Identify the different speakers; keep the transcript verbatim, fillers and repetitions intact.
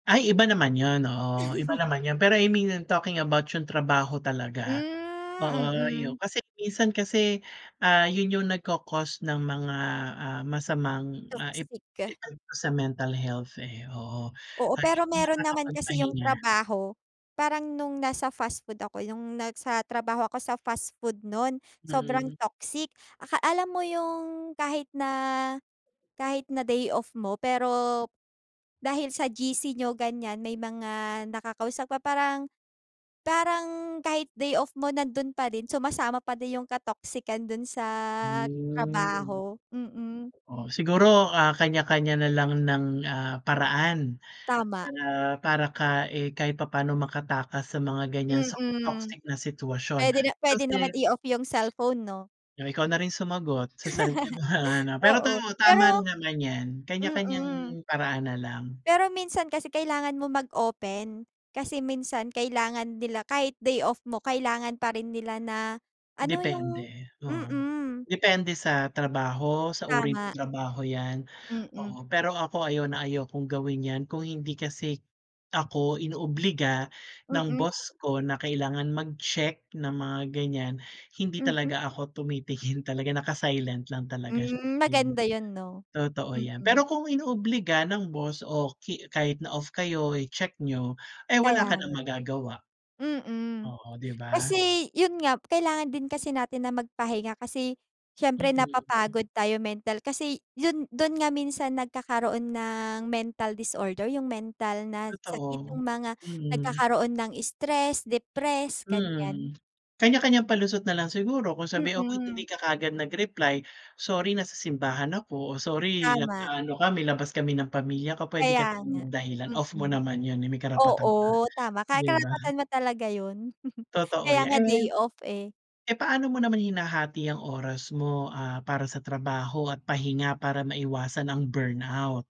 Speaker 1: Ay iba naman yun. Oo, iba naman yun, pero I mean talking about yung trabaho talaga. Oo
Speaker 2: Hmm,
Speaker 1: yun
Speaker 2: mm.
Speaker 1: kasi minsan kasi, ah, yun yung nagko-cause ng mga, ah, masamang, ah, ep
Speaker 2: Toxic.
Speaker 1: epekto sa mental health, eh, oo,
Speaker 2: Oo,
Speaker 1: ay
Speaker 2: pero meron naman kasi yung
Speaker 1: nakakapagpahinga.
Speaker 2: trabaho, parang nung nasa fast food ako nung nasa trabaho ako sa fast food nun, sobrang
Speaker 1: Mm.
Speaker 2: toxic. Aka alam mo yung kahit na, kahit na day off mo pero, dahil sa G-C niyo gan'yan may mga nakakausap pa parang, parang kahit day off mo nandun pa din sumasama pa din yung ka-toxican dun sa
Speaker 1: Hmm.
Speaker 2: trabaho, mm.
Speaker 1: Oh, siguro, ah, kanya-kanya na lang ng, ah, paraan,
Speaker 2: Tama.
Speaker 1: para, para ka eh, kahit papa'no makatakas sa mga gan'yan sa
Speaker 2: Mm.
Speaker 1: toxic na sitwasyon
Speaker 2: Puwede na puwede naman
Speaker 1: kasi
Speaker 2: i-off yung cellphone 'no.
Speaker 1: O, ikaw na rin sumagot sa sarili mo, pero 'to
Speaker 2: Oo
Speaker 1: tama
Speaker 2: pero
Speaker 1: rin naman 'yan kanya-kanyang
Speaker 2: Mm.
Speaker 1: paraan na lang.
Speaker 2: Pero minsan kasi kailangan mo mag-open, kasi minsan kailangan nila, kahit day off mo kailangan pa rin nila na, ano yung
Speaker 1: Depende, oo.
Speaker 2: mm.
Speaker 1: Depende sa trabaho, sa uri ng
Speaker 2: Tama.
Speaker 1: trabaho 'yan,
Speaker 2: Mm.
Speaker 1: oo pero ako ayaw na ayaw kong gawin 'yan kung hindi kasi ako inoobliga ng
Speaker 2: Mm.
Speaker 1: boss ko na kailangan mag-check ng mga ganyan hindi
Speaker 2: Mhm.
Speaker 1: talaga ako tumitingin, talaga naka-silent lang talaga
Speaker 2: Hmm,
Speaker 1: sa'kin.
Speaker 2: maganda yun 'no,
Speaker 1: Totoo 'yan,
Speaker 2: mm.
Speaker 1: pero kung inoobliga ng boss, o ki kahit na off kayo i-check niyo, eh,
Speaker 2: Kaya
Speaker 1: wala ka ng
Speaker 2: nga.
Speaker 1: magagawa.
Speaker 2: Mm.
Speaker 1: Oo, 'di ba.
Speaker 2: Kasi yun nga, kailangan din kasi natin na magpahinga kasi, siyempre
Speaker 1: Mm.
Speaker 2: napapagod tayo mental. Kasi, yun dun nga minsan nagkakaroon ng mental disorder, yung mental na sakit
Speaker 1: Totoo,
Speaker 2: yung mga
Speaker 1: mm.
Speaker 2: nagkakaroon ng stress, depress, gan'yan.
Speaker 1: Mm. Kanya-kanyang palusot na lang siguro kung sabihin [unintelligible] "hindi
Speaker 2: Mm.
Speaker 1: ka kaagad nag-reply?" "Sorry, na sa simbahan ako," o "Sorry
Speaker 2: Tama.
Speaker 1: nag-aano kami, labas kami ng pamilya ko", puwede ka
Speaker 2: Kaya
Speaker 1: naman
Speaker 2: nga,
Speaker 1: magdahilan off mo
Speaker 2: mm.
Speaker 1: naman yun, eh, may karapatan
Speaker 2: Oo,
Speaker 1: ka
Speaker 2: tama kahit
Speaker 1: 'di ba.
Speaker 2: karapatan mo talaga yun,
Speaker 1: Totoo
Speaker 2: kaya nga
Speaker 1: 'yan. Eh,
Speaker 2: day off eh.
Speaker 1: eh, paano mo naman hinahati ang oras mo, ah, para sa trabaho at pahinga para maiwasan ang burnout?